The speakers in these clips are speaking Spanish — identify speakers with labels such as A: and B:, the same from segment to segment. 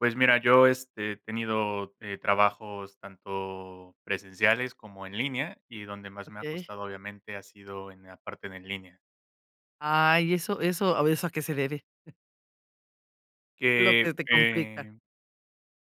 A: Pues mira, yo, este, he tenido, eh, trabajos tanto presenciales como en línea, y donde más me ha
B: Okey.
A: costado obviamente ha sido en la parte de en línea.
B: Ay, ¿eso eso, o eso a qué se debe? Lo que
A: Que,
B: te complica.
A: eh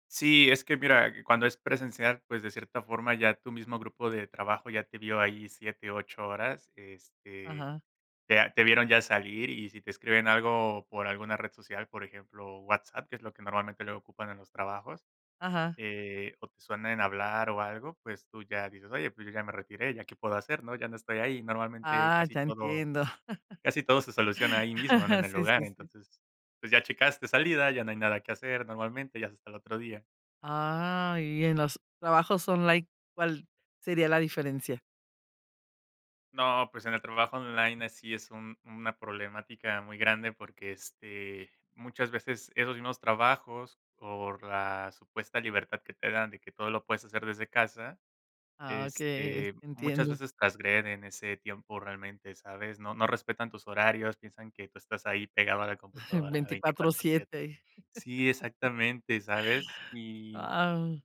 A: sí, es que mira, cuando es presencial, pues de cierta forma ya tu mismo grupo de trabajo ya te vio ahí 7, 8 horas, este,
B: Ajá.
A: te a te vieron ya salir, y si te escriben algo por alguna red social, por ejemplo, WhatsApp, que es lo que normalmente le ocupan en los trabajos,
B: Ajá.
A: eh, o te suena en hablar o algo, pues tú ya dices: "Oye, pues yo ya me retiré, ¿ya qué puedo hacer, no?, ya no estoy ahí". Normalmente,
B: Ah,
A: casi
B: ya
A: todo
B: entiendo.
A: casi todo se soluciona ahí mismo, ¿no?, en el
B: Sí,
A: lugar,
B: sí, sí.
A: entonces, pues ya checaste salida, ya no hay nada que hacer, normalmente, ya es hasta el otro día.
B: Ah, y en los trabajos online, ¿cuál sería la diferencia?
A: No, pues en el trabajo online, ahí sí es un una problemática muy grande, porque este, muchas veces esos mismos trabajos, por la supuesta libertad que te dan de que todo lo puedes hacer desde casa,
B: Ah, okey, es
A: este, muchas
B: entiendo.
A: veces trasgreden ese tiempo realmente, ¿sabes? No no respetan tus horarios, piensan que tú estás ahí pegado a la computadora
B: Veinticuatro
A: 24 7.
B: siete.
A: Sí, exactamente, ¿sabes?, y
B: Guau.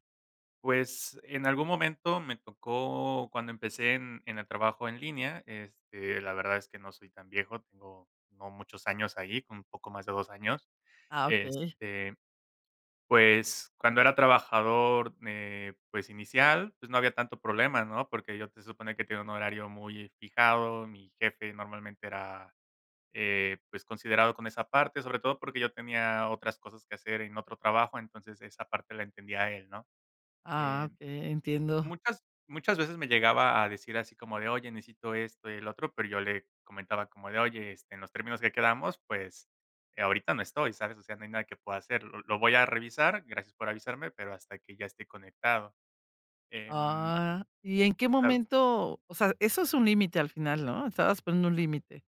A: pues en algún momento me tocó cuando empecé en en el trabajo en línea, este, la verdad es que no soy tan viejo, tengo no muchos años ahí, como un poco más de 2 años.
B: Ah, okey.
A: Este, pues cuando era trabajador, eh, pues inicial, pues no había tanto problema, ¿no? Porque yo te supone que tenía un horario muy fijado, mi jefe normalmente era, eh, pues considerado con esa parte, sobre todo porque yo tenía otras cosas que hacer en otro trabajo, entonces esa parte la entendía él, ¿no?
B: Ah,
A: Em,
B: okey, entiendo.
A: muchas muchas veces me llegaba a decir así como de: "Oye, necesito esto, y el otro", pero yo le comentaba como de: "Oye, este, en los términos que quedamos pues, eh, ahorita no estoy, ¿sabes?, o sea, no hay nada que pueda hacer, lo lo voy a revisar. Gracias por avisarme, pero hasta que ya esté conectado", em
B: Ah, ¿y en qué
A: Claro.
B: momento?, o sea, ¿eso es un límite al final, no? Estabas poniendo un límite: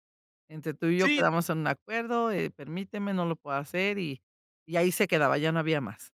B: "Entre tú y yo,
A: Sí.
B: ¿quedamos en un acuerdo?, eh, permíteme, no lo puedo hacer", y y ahí se quedaba, ya no había más.